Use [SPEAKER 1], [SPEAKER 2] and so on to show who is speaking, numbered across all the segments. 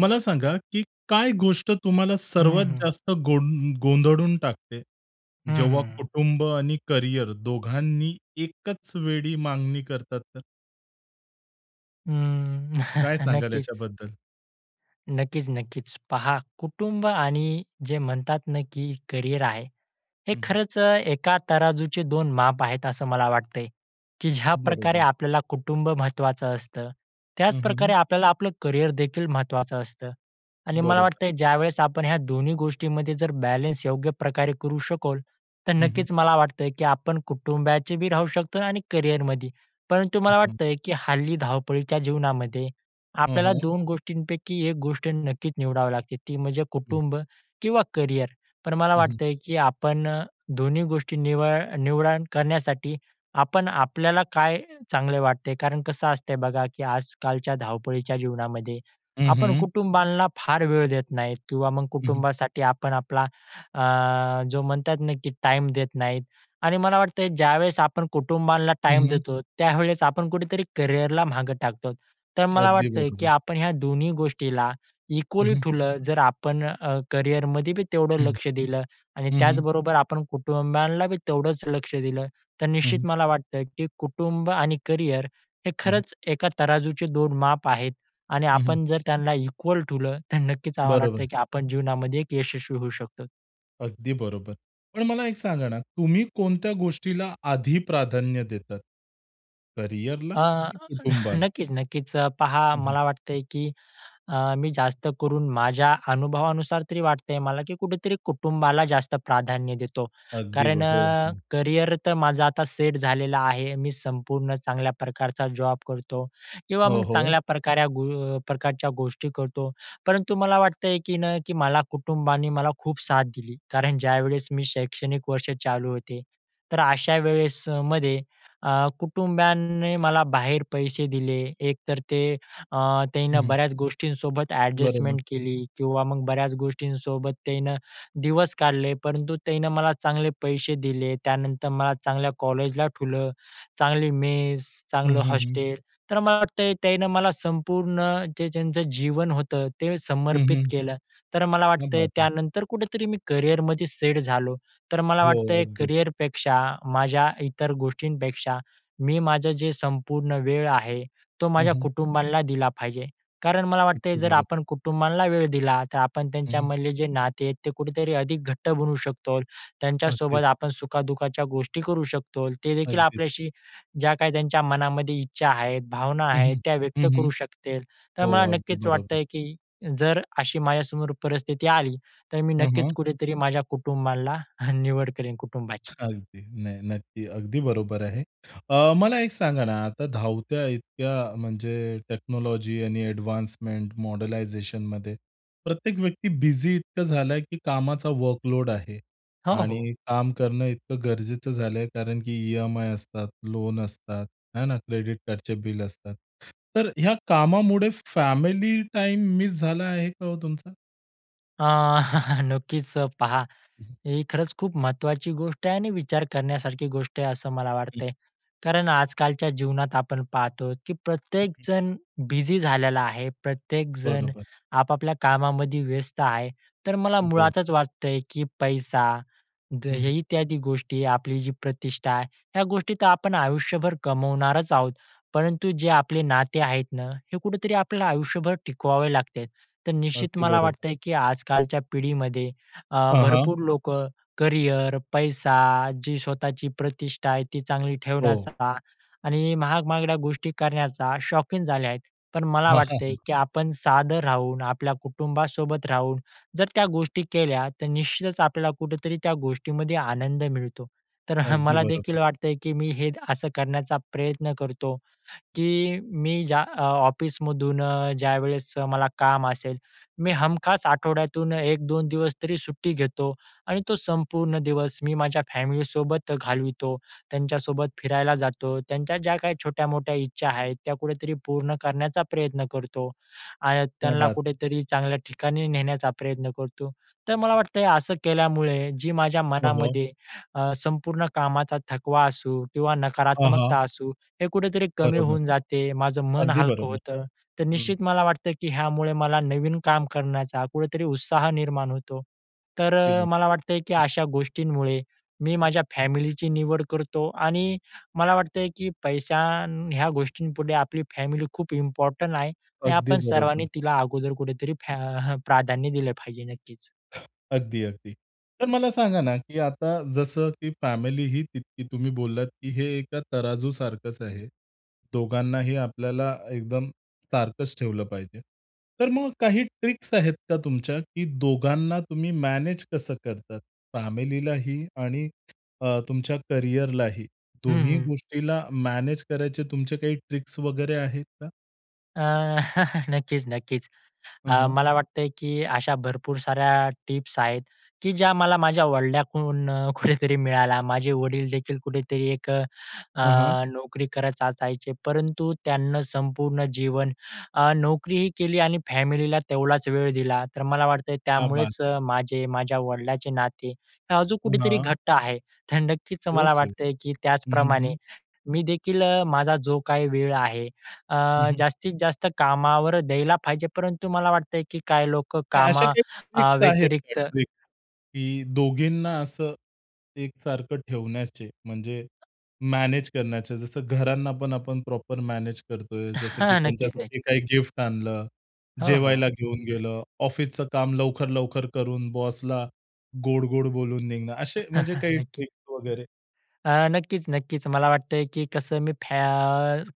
[SPEAKER 1] मला सांगा, की काय गोष्ट तुम्हाला
[SPEAKER 2] हं,
[SPEAKER 1] सर्वात
[SPEAKER 2] हं.
[SPEAKER 1] जास्त गों गोंधळून टाकते.
[SPEAKER 2] हं,
[SPEAKER 1] जेव्हा
[SPEAKER 2] हं.
[SPEAKER 1] कुटुंब आणि करियर दोघांनी एकच वेळी मागणी करतात तर?
[SPEAKER 2] अं,
[SPEAKER 1] काय सांगाल
[SPEAKER 2] नक्कीच.
[SPEAKER 1] याच्याबद्दल?
[SPEAKER 2] नक्कीच, नक्कीच. पहा कुटुंब आणि जे म्हणतात ना, की करियर आहे. हे
[SPEAKER 1] हं, हं.
[SPEAKER 2] खरंच अ, एका तराजूचे दोन माप आहेत असं मला वाटत आहे. की ज्याप्रकारे
[SPEAKER 1] बरोबर.
[SPEAKER 2] आपल्याला कुटुंब महत्वाचं असतं.
[SPEAKER 1] हं, हं,
[SPEAKER 2] त्याचप्रकारे
[SPEAKER 1] हं.
[SPEAKER 2] आपल्याला आपलं करियरदेखील महत्वाचं असतं. आणि मला
[SPEAKER 1] बरोबर.
[SPEAKER 2] वाटत आहे ज्यावेळेस आपण ह्या दोन्ही गोष्टींमध्ये जर बॅलन्स योग्यप्रकारे करू शकलो तर
[SPEAKER 1] हं, हं.
[SPEAKER 2] नक्कीच मला वाटते, की आपण कुटुंबाचे बी राहू शकतो आणि करियरमध्ये. परंतु
[SPEAKER 1] हं,
[SPEAKER 2] मला
[SPEAKER 1] हं.
[SPEAKER 2] वाटत आहे, की हल्ली धावपळीच्या जीवनामध्ये,
[SPEAKER 1] हां,
[SPEAKER 2] आपल्याला
[SPEAKER 1] हां.
[SPEAKER 2] 2 गोष्टींपैकी 1 गोष्ट नक्कीच निवडावी लागते ती म्हणजे
[SPEAKER 1] हं.
[SPEAKER 2] कुटुंब किंवा करियर. पण मला
[SPEAKER 1] हं, हं.
[SPEAKER 2] वाटत आहे की आपण अ, दोन्ही गोष्टी निवळ निवडण करण्यासाठी आपण आपल्याला काय चांगलं वाटत आहे, कारण कसं असतंय बघा की आजकालच्या धावपळीच्या जीवनामध्ये,
[SPEAKER 1] हं,
[SPEAKER 2] आपण
[SPEAKER 1] हं.
[SPEAKER 2] कुटुंबांना फार वेळ देत नाही किंवा मग
[SPEAKER 1] हं, हं.
[SPEAKER 2] कुटुंबासाठी आपण आपला अ, जो म्हणतात ना की टाईम देत नाहीत. आणि मला वाटत आहे ज्यावेळेस आपण कुटुंबाला टाईम
[SPEAKER 1] हं, हं.
[SPEAKER 2] देतो त्यावेळेस आपण कुठेतरी करियरला मागे टाकतो आहोत. तर मला
[SPEAKER 1] अगदी
[SPEAKER 2] वाटत आहे, की
[SPEAKER 1] बरोबर.
[SPEAKER 2] आपण ह्या दोन्ही गोष्टीला
[SPEAKER 1] हं,
[SPEAKER 2] इक्वली
[SPEAKER 1] हं.
[SPEAKER 2] ठेवलं जर आपण अ, करियरमध्ये बी तेवढं
[SPEAKER 1] हं, हं.
[SPEAKER 2] लक्ष दिलं आणि
[SPEAKER 1] हं, हं.
[SPEAKER 2] त्याचबरोबर आपण कुटुंबालाबी तेवढंच लक्ष दिलं. तर
[SPEAKER 1] हं, हं.
[SPEAKER 2] निश्चित मला वाटतं, की कुटुंब आणि करियर हे
[SPEAKER 1] हं, हं.
[SPEAKER 2] खरंच एका तराजूचे दोन माप आहेत. आणि
[SPEAKER 1] हं, हं.
[SPEAKER 2] आपण जर त्यांना इक्वल ठेवलं, तर नक्कीच आम्हाला वाटतं
[SPEAKER 1] बरोबर.
[SPEAKER 2] की आपण जीवनामध्ये एक यशस्वी होऊ शकतो.
[SPEAKER 1] अगदी बरोबर. पण मला एक सांगा ना, तुम्ही कोणत्या गोष्टीला आधी प्राधान्य देतात? करिअरला
[SPEAKER 2] अ,
[SPEAKER 1] की कुटुंबाला?
[SPEAKER 2] नक्कीच, नक्कीच. अ, पहा
[SPEAKER 1] हं, हं.
[SPEAKER 2] मला वाटतं आहे की अ, मी जास्त करून माझ्या अनुभवानुसार तरी वाटतं आहे मला, की कुठेतरी कुटुंबाला जास्त प्राधान्य देतो.
[SPEAKER 1] अगदी
[SPEAKER 2] कारण
[SPEAKER 1] ब हो,
[SPEAKER 2] अ,
[SPEAKER 1] हो.
[SPEAKER 2] करिअर तर माझं आता सेट झालेलं आहे. मी संपूर्ण चांगल्या प्रकारचा जॉब करतो किंवा
[SPEAKER 1] हो,
[SPEAKER 2] मग
[SPEAKER 1] हो.
[SPEAKER 2] चांगल्याप्रकारे गो प्रकारच्या गोष्टी करतो. परंतु मला वाटतं आहे की ना, की मला कुटुंबाने मला खूप साथ दिली. कारण ज्यावेळेस मी शैक्षणिक वर्ष चालू होते तर अशा वेळेसमध्ये अ, कुटुंबाने मला बाहेर पैसे दिले. एकतर ते अ, त्यांना
[SPEAKER 1] हं.
[SPEAKER 2] बऱ्याच गोष्टींसोबत
[SPEAKER 1] बरोबर.
[SPEAKER 2] ॲडजस्टमेंट केली किंवा मग बऱ्याच गोष्टींसोबत त्यांनं दिवस काढले. परंतु त्यांनं मला चांगले पैसे दिले. त्यानंतर मला चांगल्या कॉलेजला ठेवलं. चांगली मेस,
[SPEAKER 1] हं,
[SPEAKER 2] चांगलं
[SPEAKER 1] हं, हं.
[SPEAKER 2] हॉस्टेल तर मला वाटतं आहे त्यांनं मला संपूर्ण जे त्यांचं जीवन होतं ते
[SPEAKER 1] हं,
[SPEAKER 2] समर्पित
[SPEAKER 1] हं.
[SPEAKER 2] केलं. तर मला
[SPEAKER 1] क्या
[SPEAKER 2] वाटतं आहे
[SPEAKER 1] बात है!
[SPEAKER 2] त्यानंतर कुठेतरी मी करिअरमध्ये सेट झालो. तर मला
[SPEAKER 1] हो,
[SPEAKER 2] वाटतं आहे
[SPEAKER 1] अगदीच.
[SPEAKER 2] करिअरपेक्षा माझ्या इतर गोष्टींपेक्षा मी माझं जे संपूर्ण वेळ आहे, तो
[SPEAKER 1] हं,
[SPEAKER 2] माझ्या
[SPEAKER 1] हं.
[SPEAKER 2] कुटुंबाला दिला पाहिजे. कारण मला वाटतं आहे
[SPEAKER 1] अगदी
[SPEAKER 2] जर
[SPEAKER 1] बरोबर.
[SPEAKER 2] आपण कुटुंबांना वेळ दिला तर आपण
[SPEAKER 1] हं, हं.
[SPEAKER 2] त्यांच्यामधले जे नाते आहेत ते कुठेतरी अधिक घट्ट बनू शकतो. त्यांच्यासोबत
[SPEAKER 1] अगदीच.
[SPEAKER 2] आपण सुखादुःखाच्या गोष्टी करू शकतोल. ते देखील
[SPEAKER 1] अगदीच.
[SPEAKER 2] आपल्याशी ज्या काही त्यांच्या मनामध्ये इच्छा आहेत, भावना
[SPEAKER 1] हं,
[SPEAKER 2] आहेत
[SPEAKER 1] हं.
[SPEAKER 2] त्या व्यक्त
[SPEAKER 1] हं,
[SPEAKER 2] करू
[SPEAKER 1] हं.
[SPEAKER 2] शकतील. तर
[SPEAKER 1] हो.
[SPEAKER 2] मला
[SPEAKER 1] अगदी
[SPEAKER 2] नक्कीच वाटतं
[SPEAKER 1] बरोबर.
[SPEAKER 2] आहे की जर अशी माझ्यासमोर परिस्थिती आली तर मी
[SPEAKER 1] हं,
[SPEAKER 2] नक्कीच
[SPEAKER 1] हं.
[SPEAKER 2] कुठेतरी माझ्या कुटुंबाला अ, निवड करीन कुटुंबाची.
[SPEAKER 1] अगदी. नाही नक्की, अगदी बरोबर आहे. अ, मला एक सांगा ना आता धावत्या इतक्या म्हणजे टेक्नॉलॉजी आणि एडवान्समेंट मॉडलायझेशनमध्ये प्रत्येक व्यक्ती बिझी इतकं झालं आहे, की कामाचा वर्कलोड आहे
[SPEAKER 2] हो, हो.
[SPEAKER 1] आणि काम करणं इतकं गरजेचं झालं आहे कारण की ई-एम-आय असतात, लोन असतात. आहे ना क्रेडिट कार्डचे बिल असतात. तर ह्या कामामुळे फॅमिली टाईम मिस झाला आहे का हो तुमचा?
[SPEAKER 2] अ, नक्कीच पहा.
[SPEAKER 1] हं, हं.
[SPEAKER 2] ही खरंच खूप महत्त्वाची गोष्ट आहे आणि विचार करण्यासारखी गोष्ट आहे असं मला
[SPEAKER 1] हं.
[SPEAKER 2] वाटतंय. कारण आजकालच्या जीवनात आपण पाहातो, की
[SPEAKER 1] ओके.
[SPEAKER 2] प्रत्येकजण बिझी झालेला आहे. प्रत्येकजण
[SPEAKER 1] बरोबर.
[SPEAKER 2] आपापल्या कामामध्ये व्यस्त आहे. तर मला
[SPEAKER 1] हो.
[SPEAKER 2] मुळातच वाटतंय, की पैसा, द
[SPEAKER 1] हं, हं.
[SPEAKER 2] इत्यादी गोष्टी, आपली जी प्रतिष्ठा, ह्या गोष्टी तर आपण आयुष्यभर कमवणारच आहोत. परंतु जे आपले नाते आहेत नं, हे कुठेतरी आपल्याला आयुष्यभर टिकवावे लागतात. तर निश्चित
[SPEAKER 1] अगदी
[SPEAKER 2] मला
[SPEAKER 1] बरोबर.
[SPEAKER 2] वाटतंय, की आजकालच्या पिढीमध्ये अ,
[SPEAKER 1] हां, हां.
[SPEAKER 2] भरपूर लोकं करिअर, पैसा, जी स्वतःची प्रतिष्ठा आहे, ती चांगली
[SPEAKER 1] हो.
[SPEAKER 2] ठेवण्याचा आणि महाग-महागड्या गोष्टी करण्याचा शौकीन झाल्या आहेत. पण मला
[SPEAKER 1] हां, हां.
[SPEAKER 2] वाटतंय,
[SPEAKER 1] हं.
[SPEAKER 2] की आपण साधं राहून, आपल्या कुटुंबासोबत राहून, जर त्या गोष्टी केल्या तर निश्चितच आपल्याला कुठेतरी त्या गोष्टीमध्ये आनंद मिळतो. तर हं
[SPEAKER 1] अगदी
[SPEAKER 2] मला
[SPEAKER 1] बरोबर.
[SPEAKER 2] देखील वाटतंय, की मी हे असं करण्याचा प्रयत्न करतो, की मी ज्या अ, ऑफिसमधून अ, ज्यावेळेस मला काम असेल, मी हमखास आठवड्यातून 1-2 दिवस तरी सुट्टी घेतो आणि तो संपूर्ण दिवस मी माझ्या फॅमिलीसोबत घालवितो. त्यांच्यासोबत फिरायला जातो. त्यांच्या ज्या काही छोट्या-मोठ्या इच्छा आहेत, त्या कुठे तरी पूर्ण करण्याचा प्रयत्न करतो. आणि
[SPEAKER 1] क्या
[SPEAKER 2] त्यांना
[SPEAKER 1] बात है.
[SPEAKER 2] कुठेतरी चांगल्या ठिकाणी नेण्याचा प्रयत्न करतो. तर मला वाटतं, असं केल्यामुळे जी माझ्या
[SPEAKER 1] हो, हो.
[SPEAKER 2] मनामध्ये अ, संपूर्ण कामाचा थकवा असू किंवा
[SPEAKER 1] हां, हां.
[SPEAKER 2] नकारात्मकता असू, हे कुठेतरी कमी
[SPEAKER 1] बरोबर.
[SPEAKER 2] होऊन जाते. माझं मन
[SPEAKER 1] अगदी
[SPEAKER 2] हलकं
[SPEAKER 1] बरोबर.
[SPEAKER 2] होतं. तर
[SPEAKER 1] हं.
[SPEAKER 2] निश्चित मला वाटतं की ह्यामुळे मला नवीन काम करण्याचा कुठेतरी उत्साह निर्माण होतो. तर
[SPEAKER 1] अगदी
[SPEAKER 2] अ, मला
[SPEAKER 1] बरोबर.
[SPEAKER 2] वाटतंय की
[SPEAKER 1] हं.
[SPEAKER 2] अशा गोष्टींमुळे मी
[SPEAKER 1] हं.
[SPEAKER 2] माझ्या फॅमिलीची निवड करतो आणि मला वाटतंय की पैसा आणि ह्या गोष्टींपुढे आपली फॅमिली खूप इम्पॉर्टंट आहे. आणि
[SPEAKER 1] अगदी
[SPEAKER 2] आपण सर्वांनी
[SPEAKER 1] बरोबर.
[SPEAKER 2] तिला अगोदर कुठेतरी फॅ अ, प्राधान्य दिलं पाहिजे नक्कीच.
[SPEAKER 1] अगदी, अगदी. तर मला सांगा ना, की आता जसं की फॅमिली ही तितकी तुम्ही बोललात, की हे एका तराजू सारखंच आहे. दोघांनाही आपल्याला अ, एकदम सारखंच ठेवलं पाहिजे. तर मग काही ट्रिक्स आहेत का तुमच्या, की दोघांना तुम्ही मॅनेज कसं करतात? फॅमिलीलाही आणि अ, तुमच्या करियरलाही?
[SPEAKER 2] हं,
[SPEAKER 1] दोन्ही
[SPEAKER 2] हं.
[SPEAKER 1] गोष्टीला मॅनेज करायच्या तुमच्या काही ट्रिक्स वगैरे आहेत का?
[SPEAKER 2] अ, नक्कीच, नक्कीच.
[SPEAKER 1] हं,
[SPEAKER 2] अ,
[SPEAKER 1] हं.
[SPEAKER 2] मला वाटत आहे की अशा भरपूर साऱ्या टिप्स आहेत, की ज्या मला माझ्या वडिलांकडून कुठेतरी मिळाल्या. माझे वडीलदेखील कुठेतरी एक अ,
[SPEAKER 1] हं, हं.
[SPEAKER 2] नोकरी करत असायचे. परंतु त्यांना संपूर्ण जीवन, अ, नोकरीही केली आणि फॅमिलीला तेवढाच वेळ दिला. तर मला वाटत आहे
[SPEAKER 1] क्या बात
[SPEAKER 2] त्यामुळेच
[SPEAKER 1] है!
[SPEAKER 2] अ, माझे, माझ्या वडिलांचे नाते अजून कुठेतरी
[SPEAKER 1] पुन्हा
[SPEAKER 2] घट्ट आहे. तर नक्कीच मला
[SPEAKER 1] [unintelligible] हं,
[SPEAKER 2] वाटत आहे, की
[SPEAKER 1] हं,
[SPEAKER 2] त्याचप्रमाणे
[SPEAKER 1] हं.
[SPEAKER 2] मी देखील अ, माझा जो काही वेळ आहे, अ,
[SPEAKER 1] हं, हं.
[SPEAKER 2] जास्तीत जास्त कामावर द्यायला पाहिजे. परंतु मला वाटत आहे, की काही लोकं
[SPEAKER 1] काही अशा
[SPEAKER 2] कामा
[SPEAKER 1] काही
[SPEAKER 2] अ,
[SPEAKER 1] ट्रिक्स आहेत का
[SPEAKER 2] व्यतिरिक्त
[SPEAKER 1] ट्रिक्स, की दोघींना असं एकसारखं ठेवण्याचे, म्हणजे मॅनेज करण्याचे. जसं घरांना पण आपण प्रॉपर मॅनेज करतोय जसं की
[SPEAKER 2] हां, नक्कीच,
[SPEAKER 1] त्यांच्यासाठी
[SPEAKER 2] नक्कीच.
[SPEAKER 1] काही गिफ्ट आणलं,
[SPEAKER 2] हो, हो.
[SPEAKER 1] जेवायला घेऊन गेलं, ऑफिसचं काम लवकर-लवकर करून बॉसला गोड-गोड बोलून निघणं, असे म्हणजे काही
[SPEAKER 2] नक्कीच.
[SPEAKER 1] ट्रिक्स वगैरे?
[SPEAKER 2] अ, नक्कीच नक्कीच. मला वाटत आहे की कसं मी फॅ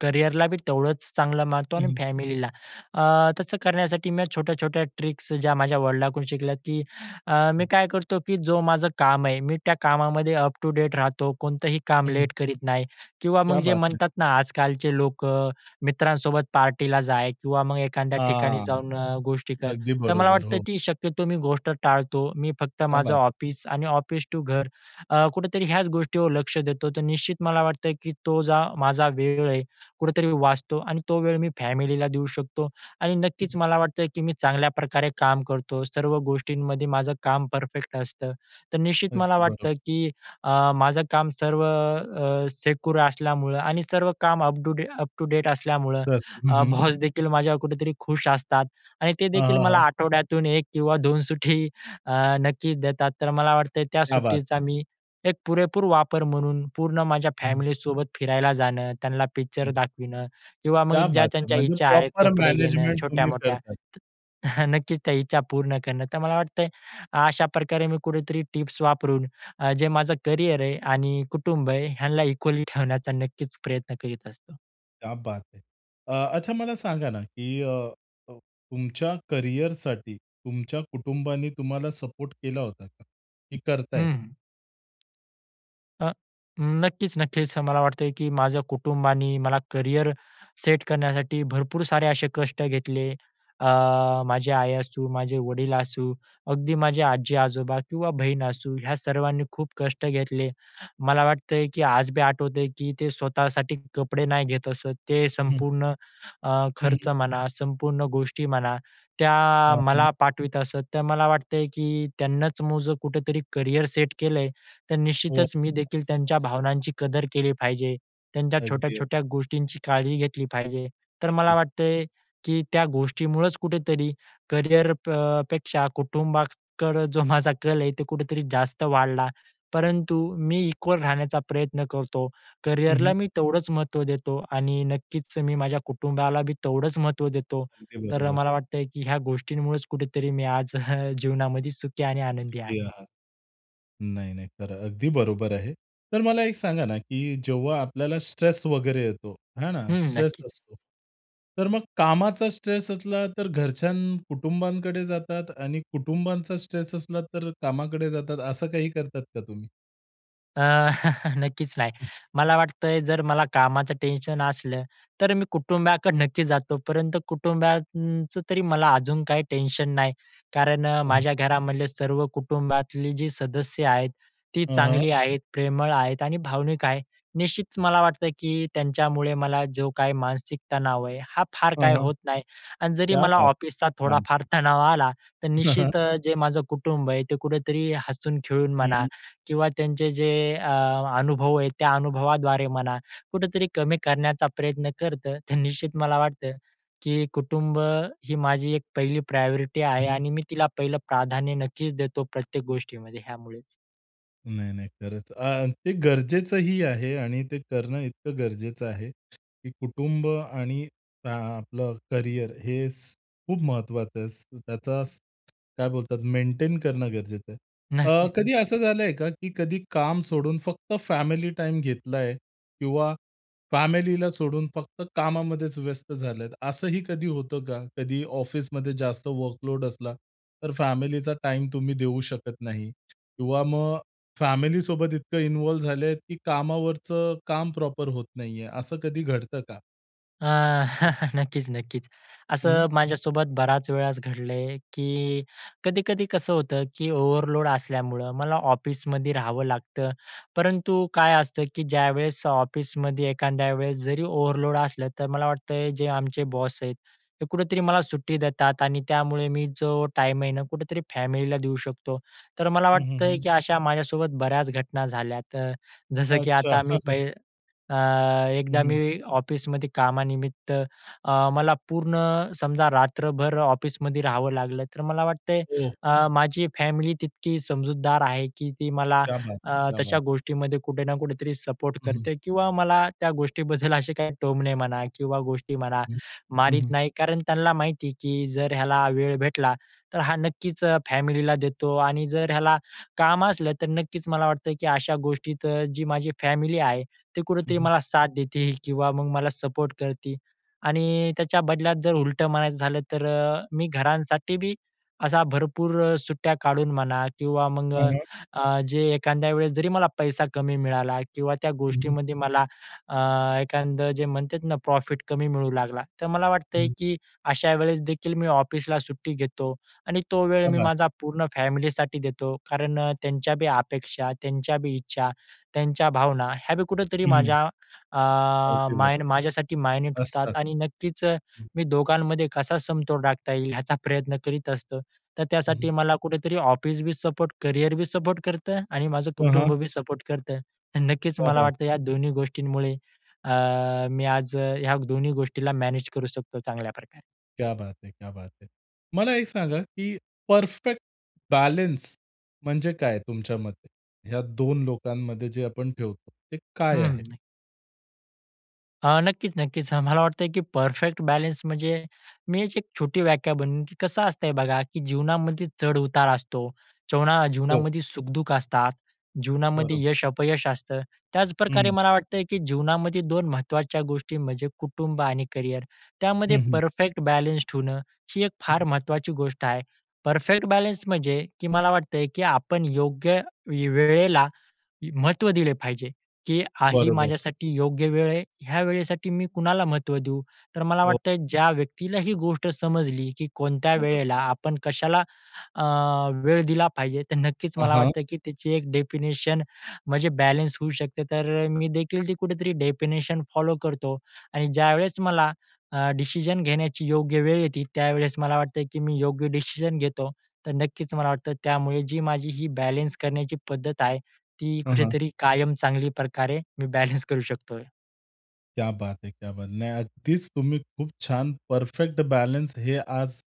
[SPEAKER 2] करिअरलाबी तेवढंच चांगलं मानतो
[SPEAKER 1] हं,
[SPEAKER 2] आणि
[SPEAKER 1] हं.
[SPEAKER 2] फॅमिलीला. अ, तसं करण्यासाठी मी छोट्या-छोट्या ट्रिक्स ज्या माझ्या वडिलांकडून शिकल्या की अ, मी काय करतो की जो माझं काम आहे मी त्या कामामध्ये अप टू डेट राहतो. कोणतंही काम
[SPEAKER 1] हं.
[SPEAKER 2] लेट करीत नाही किंवा मग
[SPEAKER 1] क्या
[SPEAKER 2] जे
[SPEAKER 1] बात है!
[SPEAKER 2] म्हणतात ना आजकालचे लोकं अ, मित्रांसोबत पार्टीला जा किंवा मग एखाद्या ठिकाणी
[SPEAKER 1] हां.
[SPEAKER 2] जाऊन अ, गोष्टी कर,
[SPEAKER 1] अगदी
[SPEAKER 2] तर मला
[SPEAKER 1] बरोबर,
[SPEAKER 2] वाटतं
[SPEAKER 1] हो.
[SPEAKER 2] की शक्यतो मी गोष्ट टाळतो. मी फक्त
[SPEAKER 1] क्या
[SPEAKER 2] माझं
[SPEAKER 1] बात है!
[SPEAKER 2] ऑफिस आणि ऑफिस टू घर अ, कुठेतरी ह्याच गोष्टीवर लक्ष देतो. तर निश्चित मला वाटत आहे, की तो जो माझा वेळ आहे, कुठेतरी वाचतो आणि तो वेळ मी फॅमिलीला देऊ शकतो आणि
[SPEAKER 1] हं,
[SPEAKER 2] नक्कीच
[SPEAKER 1] हं.
[SPEAKER 2] मला वाटतं की मी चांगल्याप्रकारे काम करतो. सर्व गोष्टींमध्ये माझं काम परफेक्ट असतं. तर निश्चित मला
[SPEAKER 1] अगदी बरोबर.
[SPEAKER 2] वाटतं की अ, माझं काम सर्व अ, सेक्युर असल्यामुळं आणि सर्व काम अपडूदे अप टू डेट असल्यामुळं
[SPEAKER 1] दस हं,
[SPEAKER 2] अ,
[SPEAKER 1] हं.
[SPEAKER 2] बॉसदेखील माझ्यावर कुठेतरी खुश असतात आणि ते
[SPEAKER 1] हां,
[SPEAKER 2] देखील
[SPEAKER 1] हां,
[SPEAKER 2] मला
[SPEAKER 1] हां.
[SPEAKER 2] आठवड्यातून 1 किंवा 2 सुट्टी अ, नक्कीच देतात. तर मला वाटतं त्या
[SPEAKER 1] क्या बात
[SPEAKER 2] सुट्टीचा
[SPEAKER 1] है!
[SPEAKER 2] मी एक पुरेपूर वापर म्हणून पूर्ण माझ्या
[SPEAKER 1] हं.
[SPEAKER 2] फॅमिलीसोबत फिरायला जाणं, त्यांना पिक्चर
[SPEAKER 1] हं.
[SPEAKER 2] दाखविणं किंवा मग
[SPEAKER 1] क्या
[SPEAKER 2] ज्या
[SPEAKER 1] बात है!
[SPEAKER 2] त्यांच्या
[SPEAKER 1] म्हणजे
[SPEAKER 2] इच्छा आहेत.
[SPEAKER 1] प्रॉपर
[SPEAKER 2] कपडे घेणं
[SPEAKER 1] मॅनेजमेंट तुम्ही
[SPEAKER 2] छोट्यामोठ्या,
[SPEAKER 1] करता?
[SPEAKER 2] तर नक्कीच, त्या इच्छा पूर्ण करणं. तर मला वाटतंय अशाप्रकारे मी कुठेतरी टिप्स वापरून अ, जे माझं करिअर आहे आणि कुटुंब आहे ह्यांना इक्वली ठेवण्याचा नक्कीच प्रयत्न करीत असतो.
[SPEAKER 1] क्या बात है. अ, अच्छा मला सांगा ना, की अ, तुमच्या करिअरसाठी तुमच्या कुटुंबाने तुम्हाला सपोर्ट केला होता का, की करत आहेत?
[SPEAKER 2] हं. अ, नक्कीच, नक्कीच, हं. मला वाटते, की माझ्या कुटुंबाने मला करिअर सेट करण्यासाठी भरपूर सारे असे कष्ट घेतले. अ, माझी आई असू, माझे वडील असू, अगदी माझे आजी-आजोबा किंवा बहीण असू ह्या सर्वांनी खूप कष्ट घेतले. मला वाटतं आहे, की आज बी आठवतं आहे की ते स्वतःसाठी कपडे नाही घेत असतं. ते
[SPEAKER 1] हं.
[SPEAKER 2] संपूर्ण अ, खर्च
[SPEAKER 1] हं.
[SPEAKER 2] म्हणा संपूर्ण गोष्टी म्हणा, त्या
[SPEAKER 1] हां, हं.
[SPEAKER 2] मला पाठवीत असत. तर मला वाटतं आहे, की त्यांनाच माझं कुठेतरी करियर सेट केलं आहे तर
[SPEAKER 1] हो.
[SPEAKER 2] निश्चितच मी देखील त्यांच्या
[SPEAKER 1] [unintelligible]
[SPEAKER 2] भावनांची कदर केली पाहिजे. त्यांच्या
[SPEAKER 1] अगदी, अग
[SPEAKER 2] छोट्या-छोट्या गोष्टींची काळजी घेतली पाहिजे. तर मला
[SPEAKER 1] नक्कीच.
[SPEAKER 2] वाटतं आहे, की त्या गोष्टीमुळचं कुठेतरी करिअर प पेक्षा कुटुंबाकडं जो माझा कल आहे ते कुठेतरी जास्त वाढला. परंतु मी इक्वल राहण्याचा प्रयत्न करतो.
[SPEAKER 1] हं, हं.
[SPEAKER 2] करिअरला मी तेवढंच महत्त्व देतो आणि नक्कीच, मी माझ्या कुटुंबाला बी तेवढंच महत्त्व देतो.
[SPEAKER 1] अगदी
[SPEAKER 2] तर
[SPEAKER 1] बरोबर.
[SPEAKER 2] मला वाटतं आहे की ह्या गोष्टींमुळेच कुठेतरी मी आज जीवनामध्ये सुखी आणि आनंदी आहे.
[SPEAKER 1] सुखी आहात. नाही, नाही. खरं अगदी बरोबर आहे. तर मला एक सांगा ना, की जेव्हा आपल्याला स्ट्रेस वगैरे येतो, है ना,
[SPEAKER 2] हं,
[SPEAKER 1] स्ट्रेस
[SPEAKER 2] नक्कीच.
[SPEAKER 1] असतो. तर मग कामाचा स्ट्रेस असला तर घरच्यानं कुटुंबानकडे जातात आणि कुटुंबांचा स्ट्रेस असला तर कामाकडे जातात, असं काही करतात का तुम्ही?
[SPEAKER 2] अ, नक्कीच नाही.
[SPEAKER 1] हं.
[SPEAKER 2] मला वाटत आहे, जर मला कामाचं टेन्शन असलं, तर मी कुटुंबाकडं नक्की जातो. परंतु कुटुंबाचं तरी मला अजून काही टेन्शन नाही कारण अ, माझ्या घरामधले सर्व कुटुंबातली जी सदस्य आहेत, ती
[SPEAKER 1] हां, हां.
[SPEAKER 2] चांगली आहेत, प्रेमळ आहेत आणि भावनिक आहेत. निश्चितच मला वाटतं की त्यांच्यामुळे मला जो काही मानसिक तणाव आहे, हा फार
[SPEAKER 1] हं,
[SPEAKER 2] काय
[SPEAKER 1] हं.
[SPEAKER 2] होत नाही. आणि जरी
[SPEAKER 1] क्या
[SPEAKER 2] मला
[SPEAKER 1] बात!
[SPEAKER 2] ऑफिसचा थोडाफार
[SPEAKER 1] अच्छा.
[SPEAKER 2] तणाव आला, तर निश्चित अ, जे माझं कुटुंब आहे, ते कुठेतरी हसून-खेळून
[SPEAKER 1] हं,
[SPEAKER 2] म्हणा
[SPEAKER 1] हं.
[SPEAKER 2] किंवा त्यांचे जे अ, अनुभव आहे, त्या अनुभवाद्वारे म्हणा, कुठेतरी कमी करण्याचा प्रयत्न करतं. तर निश्चित मला वाटतं की कुटुंब, ही माझी एक पहिली प्रायोरिटी आहे
[SPEAKER 1] हं.
[SPEAKER 2] आणि मी तिला पहिलं प्राधान्य नक्कीच देतो प्रत्येक गोष्टीमध्ये ह्यामुळेच.
[SPEAKER 1] नाही नाही खरंच, अ, ते गरजेचंही आहे आणि ते करणं इतकं गरजेचं आहे, की कुटुंब आणि अ, आपलं करियर हे स खूप महत्वाचं आहे. स त्याचा स काय बोलतात मेंटेन करणं गरजेचं आहे. अ,
[SPEAKER 2] नक्कीच.
[SPEAKER 1] कधी असं झालंय का, की कधी काम सोडून फक्त फॅमिली टाईम घेतलंय किंवा फॅमिलीला सोडून फक्त कामामध्येच व्यस्त झालेत, असंही कधी होतं का, कधी ऑफिसमध्ये जास्त वर्कलोड असला, तर फॅमिलीचा टाईम तुम्ही देऊ शकत नाही किंवा मग फॅमिलीसोबत इतकं इन्व्हॉल्व झाले की कामावरचं काम प्रॉपर होत नाहीये. असं कधी घडतं का?
[SPEAKER 2] अ, नक्कीच, नक्कीच.
[SPEAKER 1] हं.
[SPEAKER 2] असं माझ्यासोबत बराच वेळाच घडलं आहे, की कधी-कधी कसं होतं की ओव्हरलोड असल्यामुळं मला ऑफिसमध्ये राहावं लागतं. परंतु काय असतं की ज्यावेळेस ऑफिसमध्ये एखाद्या वेळेस जरी ओव्हरलोड असलं, तर मला वाटत आहे जे आमचे बॉस आहेत, हे कुठेतरी मला सुट्टी देतात आणि त्यामुळे मी जो टाईम आहे ना कुठेतरी फॅमिलीला देऊ शकतो. तर मला
[SPEAKER 1] हं, हं,
[SPEAKER 2] वाटत आहे
[SPEAKER 1] हं.
[SPEAKER 2] की अशा माझ्यासोबत बऱ्याच घटना झाल्यात, अ, जसं की
[SPEAKER 1] अच्छा.
[SPEAKER 2] आता मी
[SPEAKER 1] हं, हं.
[SPEAKER 2] पै अ,
[SPEAKER 1] हं,
[SPEAKER 2] एकदा मी
[SPEAKER 1] हं.
[SPEAKER 2] ऑफिसमध्ये कामानिमित्त अ, मला पूर्ण समजा रात्रभर ऑफिसमध्ये राहावं लागलं, तर मला वाटत आहे
[SPEAKER 1] हो.
[SPEAKER 2] अ, माझी फॅमिली तितकी समजूतदार आहे की ती मला
[SPEAKER 1] क्या बात है,
[SPEAKER 2] अ,
[SPEAKER 1] क्या
[SPEAKER 2] तशा
[SPEAKER 1] बात.
[SPEAKER 2] गोष्टींमध्ये कुठे ना कुठेतरी सपोर्ट
[SPEAKER 1] हं.
[SPEAKER 2] करते किंवा मला त्या गोष्टीबद्दल असे काय टोमणे म्हणा किंवा गोष्टी म्हणा,
[SPEAKER 1] हं, हं,
[SPEAKER 2] मारीत
[SPEAKER 1] हं.
[SPEAKER 2] नाही कारण त्यांना माहिती आहे, की जर ह्याला वेळ भेटला, तर हा नक्कीच अ, फॅमिलीला देतो. आणि जर ह्याला काम असलं तर नक्कीच मला वाटतं, की अशा गोष्टीत जी माझी फॅमिली आहे, ते
[SPEAKER 1] हं,
[SPEAKER 2] कुठेतरी
[SPEAKER 1] हं.
[SPEAKER 2] मला साथ देती किंवा मग मला सपोर्ट करती. आणि त्याच्या बदल्यात जर उलटं म्हणायचं झालं, तर अ, मी घरांसाठीबी असा भरपूर अ, सुट्ट्या काढून म्हणा किंवा मग
[SPEAKER 1] [unintelligible]
[SPEAKER 2] अ, जे एखाद्या वेळेस जरी मला पैसा कमी मिळाला किंवा त्या
[SPEAKER 1] हं, हं.
[SPEAKER 2] गोष्टीमध्ये मला अ, एखादं जे म्हणतात ना, प्रॉफिट कमी मिळू लागला, तर मला वाटत आहे
[SPEAKER 1] हं.
[SPEAKER 2] की अशा वेळेसदेखील मी ऑफिसला सुट्टी घेतो आणि तो वेळ
[SPEAKER 1] क्या
[SPEAKER 2] मी
[SPEAKER 1] बात
[SPEAKER 2] माझा पूर्ण फॅमिलीसाठी देतो. कारण अ, त्यांच्या बी अपेक्षा, त्यांच्या बी इच्छा त्यांच्या भावना ह्या बी कुठेतरी
[SPEAKER 1] हम्म.
[SPEAKER 2] माझ्या अ,
[SPEAKER 1] अगदी
[SPEAKER 2] माय
[SPEAKER 1] बरोबर.
[SPEAKER 2] माझ्यासाठी मायने
[SPEAKER 1] असतात.
[SPEAKER 2] ठेवतात आणि नक्कीच
[SPEAKER 1] हं.
[SPEAKER 2] मी दोघांमध्ये कसा समतोल राखता येईल याचा प्रयत्न करीत असतो. तर
[SPEAKER 1] हं,
[SPEAKER 2] त्यासाठी
[SPEAKER 1] हं.
[SPEAKER 2] मला कुठेतरी ऑफिसबी सपोर्ट, करियरबी सपोर्ट करतं आणि माझं
[SPEAKER 1] हां, हां.
[SPEAKER 2] कुटुंबबी सपोर्ट करतं. अ, नक्कीच
[SPEAKER 1] क्या
[SPEAKER 2] मला
[SPEAKER 1] बात
[SPEAKER 2] वाटतं
[SPEAKER 1] है.
[SPEAKER 2] या दोन्ही गोष्टींमुळे अ, मी आज ह्या दोन्ही गोष्टीला मॅनेज करू शकतो चांगल्याप्रकारे.
[SPEAKER 1] क्या बात है! क्या बात है! मला एक सांगा की परफेक्ट बॅलन्स म्हणजे काय तुमच्या मते? ह्या 2 लोकांमध्ये जे आपण ठेवतो ते
[SPEAKER 2] हं,
[SPEAKER 1] काय आहे?
[SPEAKER 2] हं, नक अ, नक्कीच, नक्कीच, अ, मला वाटत आहे की परफेक्ट बॅलन्स म्हणजे मी एक छोटी व्याख्या बनवून कसं असतंय बघा, की जीवनामध्ये चढ-उतार असतो. जीवना
[SPEAKER 1] हो.
[SPEAKER 2] जीवनामध्ये सुख-दुःख असतात, जीवनामध्ये
[SPEAKER 1] बरोबर.
[SPEAKER 2] यश-अपयश असतं. त्याच प्रकारे
[SPEAKER 1] हं.
[SPEAKER 2] मला वाटतं आहे, की जीवनामध्ये 2 महत्त्वाच्या गोष्टी म्हणजे कुटुंब आणि करिअर. त्यामध्ये
[SPEAKER 1] हं, हं.
[SPEAKER 2] परफेक्ट बॅलन्स ठेवणं ही एक फार
[SPEAKER 1] हं.
[SPEAKER 2] महत्वाची गोष्ट आहे. परफेक्ट बॅलन्स म्हणजे की मला वाटतं आहे की आपण योग्य वे वेळेला, महत्त्व दिले पाहिजे, की आ ही
[SPEAKER 1] बरोबर.
[SPEAKER 2] माझ्यासाठी योग्य वेळ आहे. ह्या वेळेसाठी मी कुणाला महत्त्व देऊ. तर मला
[SPEAKER 1] हो.
[SPEAKER 2] वाटतं आहे ज्या व्यक्तीला ही गोष्ट समजली, की कोणत्या
[SPEAKER 1] बरोब
[SPEAKER 2] वेळेला आपण कशाला, अ, वेळ दिला पाहिजे. तर नक्कीच
[SPEAKER 1] हां,
[SPEAKER 2] मला
[SPEAKER 1] हां.
[SPEAKER 2] वाटतं की त्याची एक डेफिनेशन म्हणजे बॅलन्स होऊ शकते तर अ, मी देखील ती कुठेतरी डेफिनेशन फॉलो करतो आणि ज्यावेळेस मला अ, डिसिजन घेण्याची योग्य वेळ येते. त्यावेळेस मला वाटतं की मी योग्य डिसिजन घेतो. तर नक्कीच मला वाटतं त्यामुळे जी माझी ही बॅलन्स करण्याची पद्धत आहे. ती
[SPEAKER 1] हं, हं.
[SPEAKER 2] कुठेतरी कायम चांगली प्रकारे मी बॅलन्स करू शकतोय.
[SPEAKER 1] क्या बात है! क्या बात! नाही अगदीच तुम्ही खूप छान परफेक्ट बॅलन्स हे आज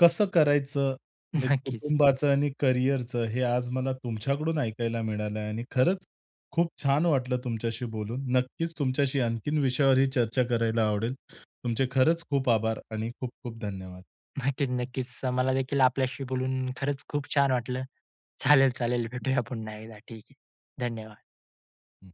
[SPEAKER 1] कसं करायचं हे
[SPEAKER 2] नक्कीच.
[SPEAKER 1] कुटुंबाचं आणि करिअरचं, हे आज मला तुमच्याकडून ऐकायला मिळालं आणि खरंच खूप छान वाटलं तुमच्याशी बोलून. नक्कीच तुमच्याशी आणखीन विषयावरही चर्चा करायला आवडेल. तुमचे खरंच खूप आभार आणि खूप-खूप धन्यवाद.
[SPEAKER 2] नक्कीच, नक्कीच, अ, मला देखील आपल्याशी बोलून खरंच खूप छान वाटलं. चालेल-चालेल भेटूया पुन्हा एकदा ठीक आहे. धन्यवाद.
[SPEAKER 1] हं.